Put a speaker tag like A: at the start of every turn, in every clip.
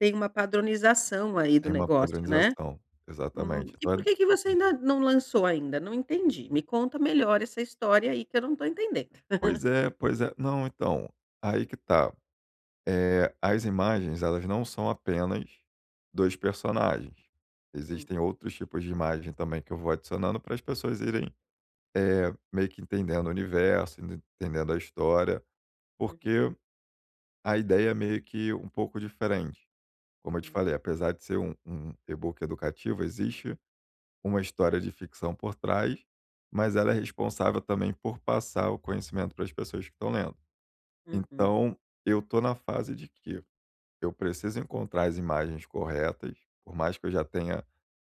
A: Tem uma padronização, aí, do
B: Tem um
A: negócio, né?
B: padronização,
A: Hum.
B: exatamente.
A: E por
B: Então
A: que que você
B: Hum.
A: ainda não lançou ainda? Não entendi. Me conta melhor essa história aí, que eu não estou entendendo.
B: Pois é, pois é. Não, então, aí que está, eh, as imagens, elas não são apenas 2 personagens.
A: Hum.
B: Existem outros tipos de imagem também, que eu vou adicionando, para as pessoas irem, eh, meio que entendendo o universo, ent entendendo a história.
A: Uhum.
B: Porque a ideia é meio que um pouco diferente. Como eu te
A: Hum.
B: falei, apesar de ser um um um e-book educativo, existe uma história de ficção por trás, mas ela é responsável também por passar o conhecimento para as pessoas que estão lendo.
A: Uhum.
B: Então eu estou na fase de que eu preciso encontrar as imagens corretas, por mais que eu já tenha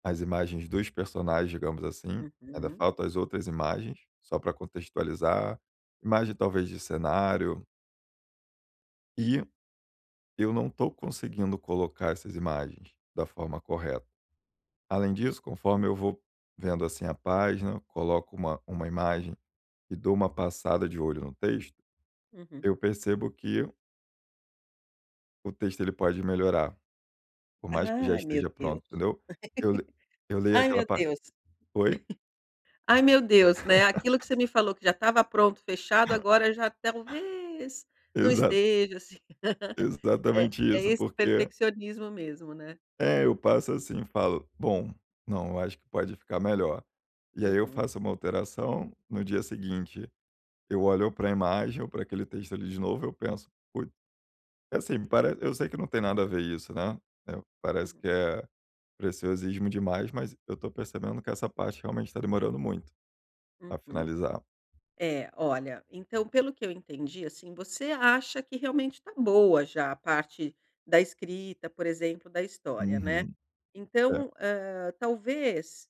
B: as imagens dos personagens, digamos assim, ainda
A: Uhum.
B: faltam as outras imagens. Só pra contextualizar, imagem, talvez, de cenário. E, eu não estou conseguindo colocar essas imagens da forma correta. Além disso, conforme eu vou vendo, assim, a página, coloco uma uma imagem e dou uma passada de olho no texto,
A: Uhum.
B: eu percebo que o texto, ele pode melhorar, por mais que já
A: Ai, meu
B: esteja
A: Deus.
B: pronto, entendeu. Eu le eu leio
A: Ai,
B: aquela
A: meu
B: pa
A: Deus.
B: Oi?
A: Ai, meu Deus, né, aquilo que você me falou, que já estava pronto, fechado, agora já talvez não
B: Exato.
A: esteja, assim É,
B: Exatamente
A: é
B: isso,
A: esse
B: porque
A: perfeccionismo mesmo, né.
B: É, eu passo assim, falo: “Bom, não, eu acho que pode ficar melhor”. E aí eu
A: Uhum.
B: faço uma alteração. No dia seguinte, eu olho ou pra imagem ou pra aquele texto ali de novo, eu penso: “Put” É assim, pare eu sei que não tem nada a ver isso, né. É, parece
A: Hum.
B: que é preciosismo demais, mas eu estou percebendo que essa parte realmente está demorando muito pra
A: Uhum.
B: finalizar.
A: É, olha, então pelo que eu entendi, assim, você acha que, realmente, está boa já a parte da escrita, por exemplo, da história, né.
B: Uhum. É.
A: Então, hã, talvez